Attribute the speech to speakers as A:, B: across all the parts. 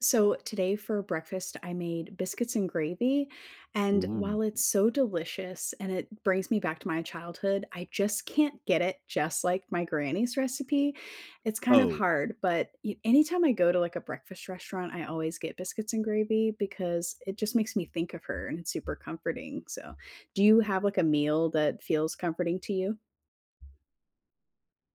A: So, today for breakfast, I made biscuits and gravy, and,
B: Ooh.
A: while it's so delicious and it brings me back to my childhood, I just can't get it just like my granny's recipe. It's kind of
B: Oh.
A: hard but y anytime I go to, like, a breakfast restaurant, I always get biscuits and gravy because it just makes me think of her and it's super comforting. So, do you have, like, a meal that feels comforting to you?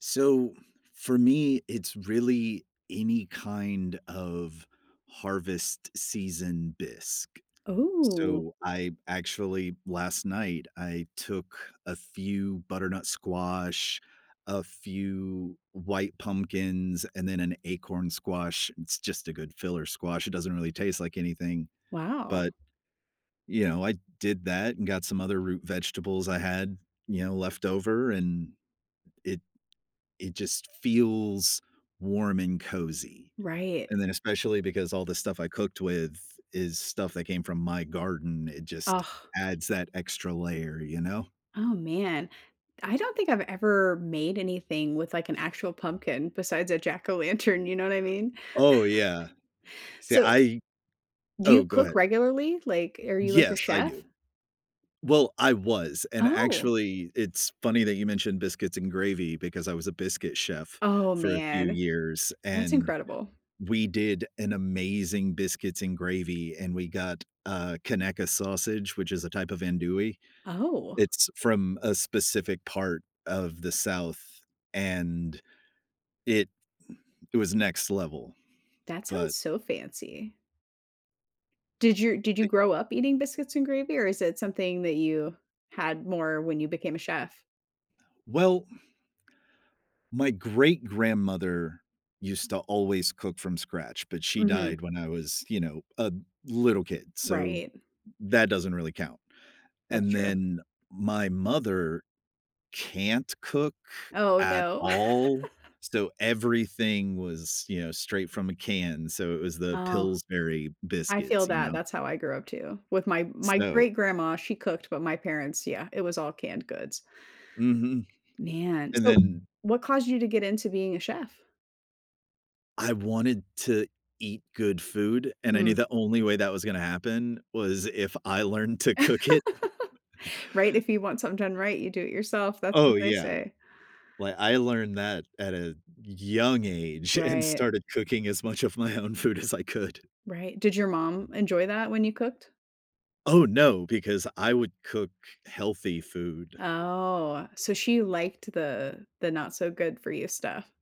B: So, for me it's really any kind of harvest season bisque.
A: Ooh.
B: So, I actually last night, I took a few butternut squash, a few white pumpkins, and then an acorn squash it's just a good filler squash, it doesn't really taste like anything.
A: Wow!
B: But, you know, I did that and got some other root vegetables I had, you know, leftover and it it just feels warm and cozy.
A: Right.
B: And then especially because all the stuff I cooked with is stuff that came from my garden, it just
A: Ugh!
B: adds that extra layer, you know?
A: Oh, man. I don't think I've ever made anything with, like, an actual pumpkin besides a jack-o'-lantern, you know what I mean?
B: Oh, yeah. See
A: So
B: I
A: do you
B: Oh, go
A: cook
B: ahead.
A: regularly? Like, are you, like, a
B: Yes, I do.
A: chef?
B: Well, I was. And
A: Oh!
B: actually, it's funny that you mentioned "biscuits and gravy" because I was a biscuit chef
A: Oh,
B: for a few
A: man.
B: years,
A: That's
B: and
A: incredible.
B: we did an amazing biscuits and gravy, and we got, uh, Conecuh sausage, which is a type of Andouille.
A: Oh.
B: It's from a specific part of the South and it it was next level,
A: That sounds
B: but
A: so fancy. Did you did you
B: E
A: grow up eating biscuits and gravy? Or is it something that you had more when you became a chef?
B: Well, my great grandmother used to always cook from scratch, but she
A: Mhm.
B: died when I was, you know, a little kid, so,
A: Right.
B: that doesn't really count.
A: That's
B: And
A: true.
B: then my mother can't cook
A: Oh,
B: at
A: no.
B: all, so everything was, you know, straight from a can. So, it was the
A: Oh.
B: Pillsbury
A: I feel
B: biscuits, you
A: that,
B: know.
A: that's how I grew up too, with my my
B: So
A: great grandma, she cooked, but my parents yeah, it was all canned goods.
B: Mhm.
A: Man.
B: And
A: So,
B: then
A: what caused you to get into being a chef?
B: I wanted to eat good food, and I knew
A: Mm.
B: the only way that was gonna happen was if I learned to cook it.
A: Right. "If you want something done right, you do it yourself," that's
B: Oh,
A: what they
B: yeah.
A: say.
B: Li I learned that at a y young age and
A: Right.
B: started cooking as much of my own food as I could.
A: Right. Did your mom enjoy that when you cooked?
B: Oh, no, because I would cook healthy food.
A: Oh, so she liked the the not-so-good-for-you stuff.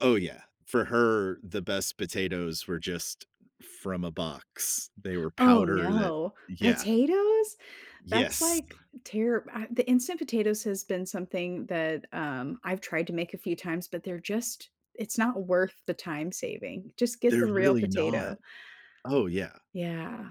B: Oh, yeah. For her, the best potatoes were just from a box. They were
A: Oh
B: powder that
A: no,
B: yeah.
A: potatoes? That's
B: Yes.
A: like, tear, ah the instant potatoes has been something that, um, I've tried to make a few times, but they're just it's not worth the time saving, just get
B: They're
A: the real
B: really not.
A: potato.
B: Oh, yeah.
A: Yeah.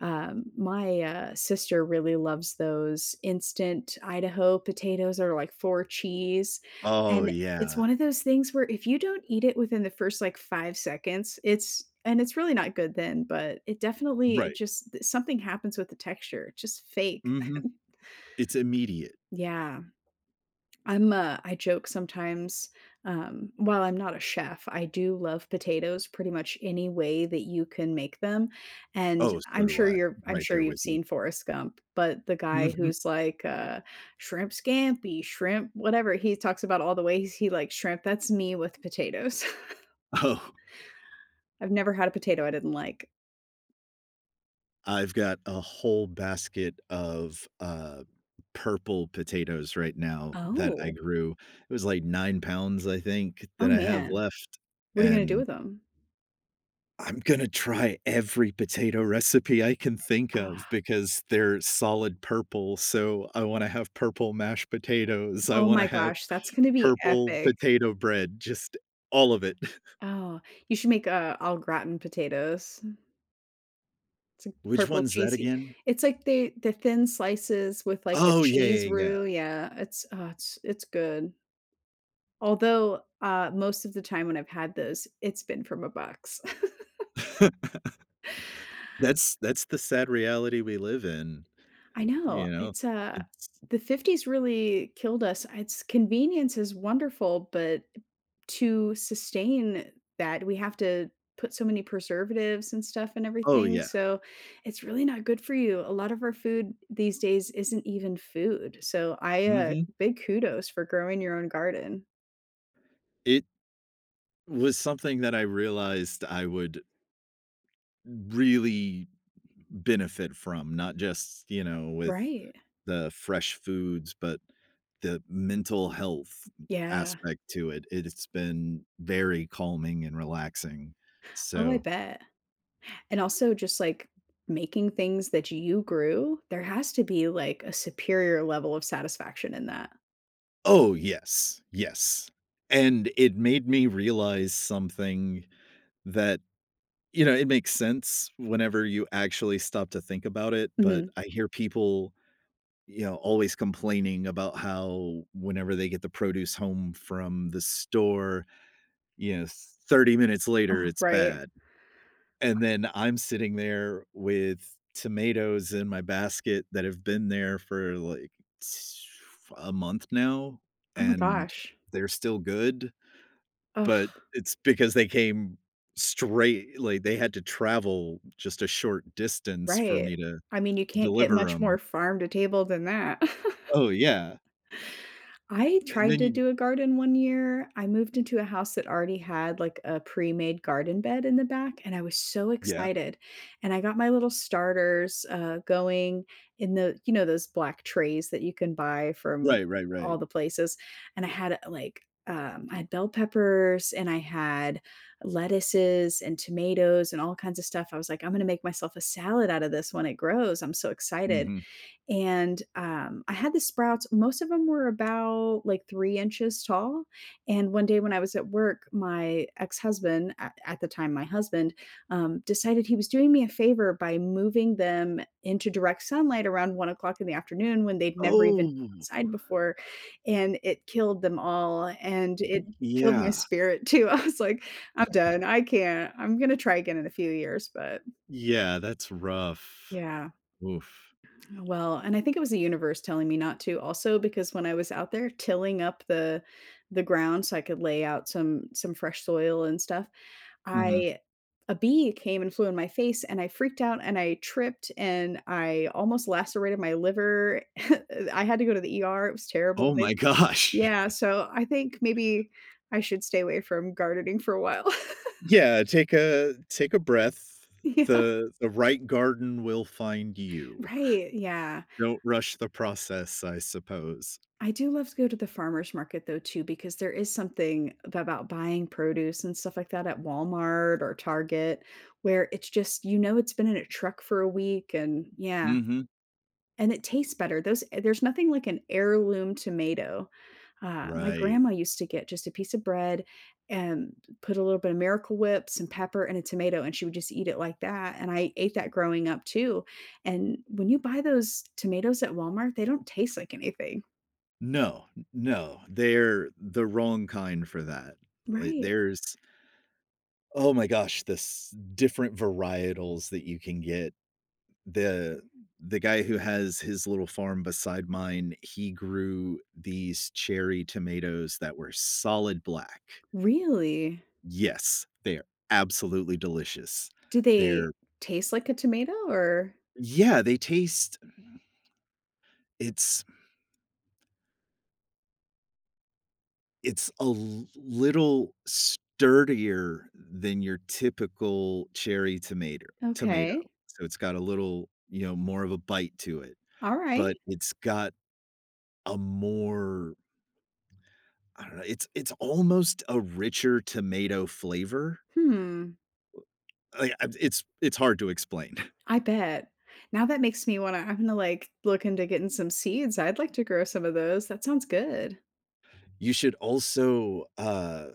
A: Um, my, uh, sister really loves those instant Idaho potatoes, or like four cheese.
B: Oh,
A: And it's
B: yeah.
A: one of those things where if you don't eat it within the first like, 5 seconds, it's and it's really not good then, but it definitely eh,
B: Right.
A: just something happens with the texture. Just fake.
B: Mhm. It's immediate.
A: Yeah. I'm a I joke sometimes, um while I'm not a chef, I do love potatoes pretty much any way that you can make them. And,
B: Oh, so
A: I'm
B: do
A: sure
B: I,
A: you're I'm
B: right
A: sure
B: there
A: you've
B: with you.
A: seen Forrest Gump, but the guy
B: Mhm.
A: who's like, uh, "Shrimp Scampi, shrimp whatever." He talks about all the ways he likes shrimp. That's me with potatoes.
B: Oh.
A: I've never had a potato I didn't like.
B: I've got a whole basket of, uh, purple potatoes right now, that I
A: Oh.
B: grew. It was like 9 pounds, I think, that
A: Oh
B: I have
A: man,
B: left,
A: what are you gonna do
B: and
A: with 'em?
B: I'm gonna try every potato recipe I can think of, because they're solid purple. So, I wanna have purple mashed potatoes, I
A: Oh
B: wanna
A: my
B: have
A: gosh, that's gonna be
B: purple
A: epic.
B: potato bread, just, all of it.
A: Oh, you should make, uh, au gratin potatoes. T
B: Which
A: purple
B: one's that
A: cheesy.
B: again?
A: It's, like, they, the thin slices with like a
B: Oh, yeah,
A: cheese
B: yeah, yeah.
A: roux, yeah, it's, uh, it's good. Although, uh, most of the time when I've had this, it's been from a box.
B: That's that's the sad reality we live in.
A: I know,
B: You know?
A: it's uh,
B: It's
A: the 50s really killed us, it's convenience is wonderful but, to sustain that we have to put so many preservatives and stuff in
B: Oh
A: everything,
B: yeah.
A: so it's really not good for you. A lot of our food these days isn't even food, so I, uh,
B: Mhm.
A: big kudos for growing your own garden.
B: It was something that I realized I would really benefit from, not just, you know, with
A: Right.
B: the fresh foods, but the mental health
A: Yeah.
B: aspect to it. It's been very calming and relaxing.
A: Oh, I
B: So
A: bet. And also just like, making things that you grew, there has to be, like, a superior level of satisfaction in that.
B: Oh, yes. Yes. And it made me realize something that you know, it makes sense whenever you actually stop to think about it. But
A: Mhm.
B: I hear people, you know, always complaining about how whenever they get the produce home from the store, you know, 30 minutes later,
A: Oh,
B: it's
A: right.
B: bad. And then I'm sitting there with tomatoes in my basket that have been there for like a month now,
A: Oh my
B: and
A: gosh.
B: they're still good
A: Uh.
B: but it's because they came straight, like, they had to travel just a short distance for
A: Right,
B: me to
A: I mean you can't get
B: deliver
A: much more
B: 'em.
A: farm to table than that.
B: Oh, yeah.
A: I
B: And
A: tried
B: then
A: to
B: you
A: do a garden one year, I moved into a house that already had like a pre-made garden bed in the back and I was so
B: Yeah.
A: excited, and I got my little starters, uh, going in the, you know those black trays that you can buy from
B: Right, right, right.
A: all the places and I had a, like, um, I had bell peppers and I had lettuces and tomatoes and all kinds of stuff. I was, like, I'm gonna make myself a salad out of this when it grows, I'm so excited.
B: Mhm.
A: And, um, I had the sprouts, most of them were about like 3 inches tall and one day when I was at work, my ex-husband at at the time, my husband, um, decided he was doing me a favor by moving them into direct sunlight around 1:00 in the afternoon when they'd never even been
B: Oh.
A: outside before and it killed them all and it
B: Y
A: killed my
B: yeah.
A: spirit too. I was like, "I'm done, I can't, I'm gonna try again in a few years," but
B: Yeah. That's rough.
A: Yeah.
B: Oof.
A: Well, and I think it was the universe telling me not to also because when I was out there tilling up the the ground so I could lay out some some fresh soil and stuff,
B: Mhm.
A: I a bee came and flew in my face and I freaked out and I tripped and I almost lacerated my liver. I had to go to the ER. It was terrible,
B: Oh
A: they
B: my gosh.
A: yeah, so I think maybe I should stay away from gardening for a while.
B: Yeah. Take a take a breath.
A: Yeah.
B: The the right garden will find you.
A: Right. Yeah.
B: Don't rush the process, I suppose.
A: I do love to go to the farmer's market though too, because there is something about buying produce and stuff like that at Walmart or Target where it's just, you know it's been in a truck for a week and yeah.
B: Mhm.
A: And it tastes better. Those there's nothing like an heirloom tomato. Uh, my
B: Right.
A: grandma used to get just a piece of bread and put a little bit of Miracle Whip some pepper and a tomato and she would just eat it like that and I ate that growing up too. And when you buy those tomatoes at Walmart, they don't taste like anything.
B: No. N no. They're the wrong kind for that. Li
A: Right.
B: there's oh my gosh, this different varietals that you can get. The the guy who has his little farm beside mine, he grew these cherry tomatoes that were solid black.
A: Really?
B: Yes. They're absolutely delicious.
A: Do they
B: They're
A: taste like a tomato, or
B: Yeah, they taste It's It's a l little sturdier than your typical cherry tomater tomato.
A: Okay.
B: So it's got a little you know, more of a bite to it, but
A: Alright.
B: it's got a more I don't know, it's it's almost a richer tomato flavor.
A: Hmm.
B: Uh, yeah, it's it's hard to explain.
A: I bet. Now that makes me wanna I'm gonna like look into getting some seeds. I'd like to grow some of those. That sounds good.
B: You should also, uh,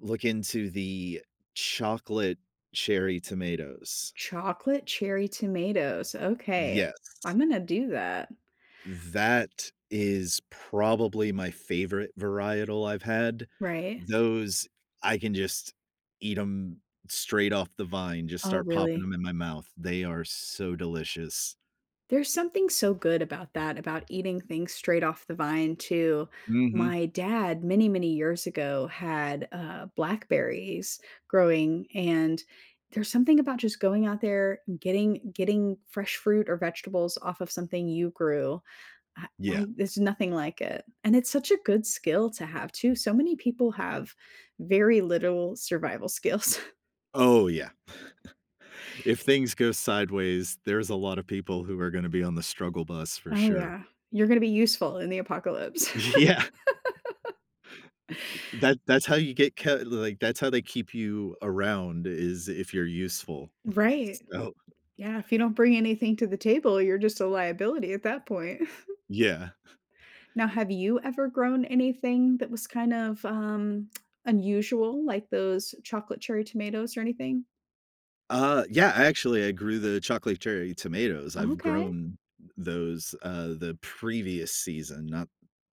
B: look into the chocolate cherry tomatoes.
A: Chocolate cherry tomatoes, okay.
B: Yes.
A: I'm gonna do that.
B: That is probably my favorite varietal I’ve had.
A: Right.
B: Those, I can just eat ’em straight off the vine. Just
A: Oh
B: start popping
A: really?
B: 'em in my mouth. They are so delicious.
A: There’s something so good about that, about eating things straight off the vine too.
B: Mhm.
A: My dad, many, many years ago had, uh, blackberries growing, and there’s something about just going out there getting getting fresh fruit or vegetables off of something you grew. I I
B: Yeah.
A: there’s nothing like it. And it’s such a good skill to have too. So many people have very little survival skills.
B: Oh, yeah. If things go sideways, there’s a lot of people who are gonna be on the struggle bus, for
A: Oh
B: sure.
A: yeah, you're gonna be useful in the apocalypse.
B: Yeah. That that’s how you get c like, that’s how they keep you around is if you’re useful.
A: Right.
B: So
A: Yeah, if you don't bring anything to the table, you're just a liability at that point.
B: Yeah.
A: Now have you ever grown anything that was kind of, um, unusual like those chocolate cherry tomatoes or anything?
B: Uh, yeah. Actually, I grew the chocolate cherry tomatoes. I've
A: Okay.
B: grown those, uh, the previous season, not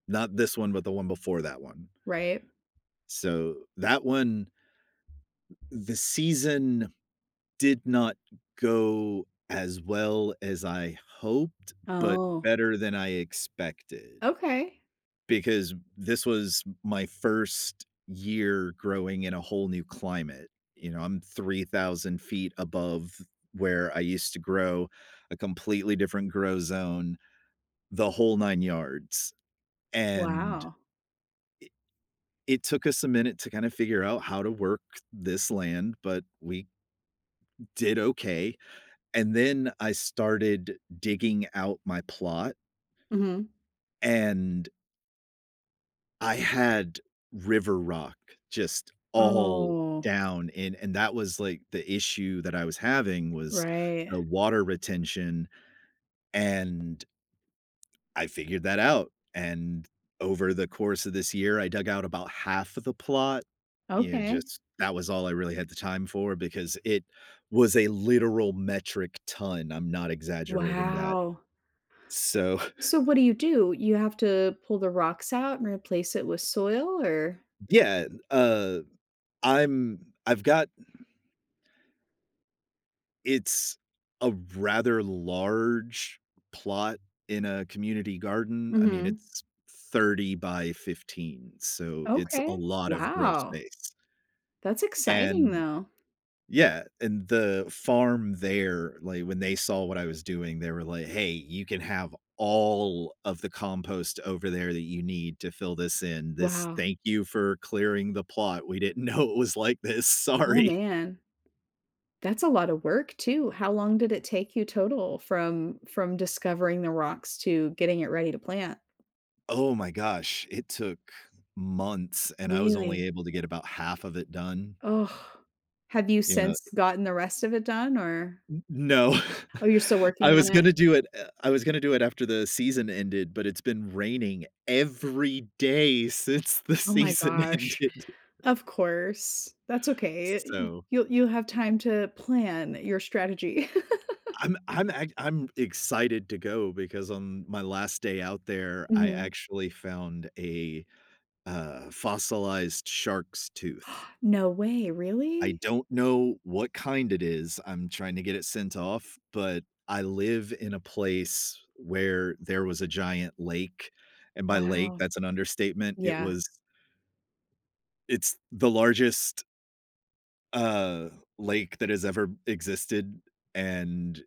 B: not this one, but the one before that one.
A: Right.
B: So, that one the season did not go as well as I hoped, but
A: Oh.
B: better than I expected
A: Okay.
B: because this was m my 1st year growing in a whole new climate. You know, I'm 3,000 feet above where I used to grow. A completely different grow zone, the whole 9 yards. And i
A: Wow.
B: it took us a minute to kinda figure out how to work this land, but we did okay. And then I started digging out my plot
A: Mhm.
B: and I had river rock just all
A: Oh.
B: down in And that was, like, the issue that I was having was
A: Right.
B: the water retention, and I figured that out. And over the course of this year, I dug out about half of the plot. Yeah.
A: Okay.
B: Just that was all I really had the time for because it was a literal metric ton. I'm not exaggerating that.
A: Wow.
B: So
A: So, what do you do? You have to pull the rocks out and replace it with soil, or
B: Yeah. Uh, I'm I've got It's a rather large plot in a community garden. I mean,
A: Mhm.
B: it's 30 by 15, so it's a
A: Okay.
B: lot of grow
A: Wow.
B: space.
A: That's exciting
B: And
A: though.
B: Yeah, and the farm there, like, when they saw what I was doing, they were like, "Hey. You can have all of the compost over there that you need to fill this in. This
A: Wow.
B: Thank you for clearing the plot. We didn't know it was like this.
A: Oh
B: Sorry."
A: man. That's a lot of work too. How long did it take you total from from discovering the rocks to getting it ready to plant?
B: Oh my gosh. It took months, and I was
A: Really?
B: only able to get about half of it done.
A: Ugh. Have you
B: You know,
A: since
B: i
A: gotten the rest of it done, or
B: No.
A: Oh, you're still
B: I
A: working
B: was
A: on it?
B: gonna do it Eh, I was gonna do it after the season ended, but it's been raining every day since the
A: Oh my
B: season
A: gosh.
B: ended.
A: Of course. That's okay. Y y
B: So
A: you'll you'll have time to plan your strategy.
B: I'm I'm ac I'm excited to go because on my last day out there, I
A: Mhm.
B: actually found a, uh, fossilized shark's tooth.
A: No way.
B: I
A: Really?
B: don't know what kind it is. I'm trying to get it sent off, but I live in a place where there was a giant lake. And by lake,
A: Wow.
B: that's an understatement. It
A: Yeah.
B: was It's the largest uh, lake that has ever existed. And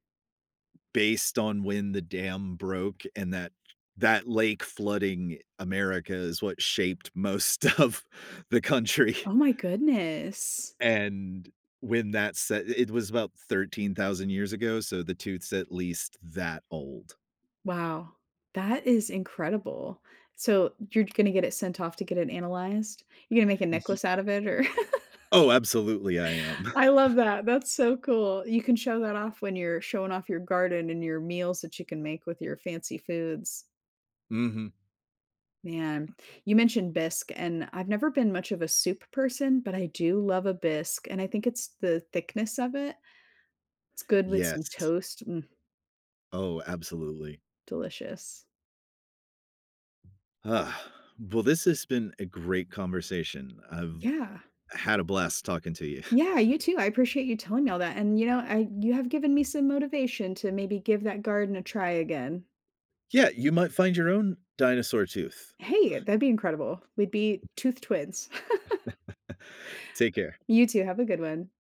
B: based on when the dam broke and that that lake flooding America is what shaped most of the country.
A: Oh my goodness.
B: And when that se it was about 13,000 years ago, so the tooth's at least that old.
A: Wow, that is incredible. So, you're gonna get it sent off to get it analyzed? You're gonna make a
B: Ye
A: necklace out of it or
B: Oh, absolutely, I am.
A: I love that. That's so cool. You can show that off when you're showing off your garden and your meals that you can make with your fancy foods.
B: Mhm.
A: Man, you mentioned bisque and I've never been much of a soup person, but I do love a bisque. And I think it's the thickness of it. It's good with some
B: Yes.
A: toast. Mm.
B: Oh, absolutely.
A: Delicious.
B: Ugh. Well, this has been a great conversation. I've
A: Yeah.
B: had a blast talking to you.
A: Yeah, you too. I appreciate you telling me all that. And you know, I you have given me some motivation to maybe give that garden a try again.
B: Yeah. You might find your own dinosaur tooth.
A: Hey, that'd be incredible. We'd be tooth twins.
B: Take care.
A: You too, have a good one.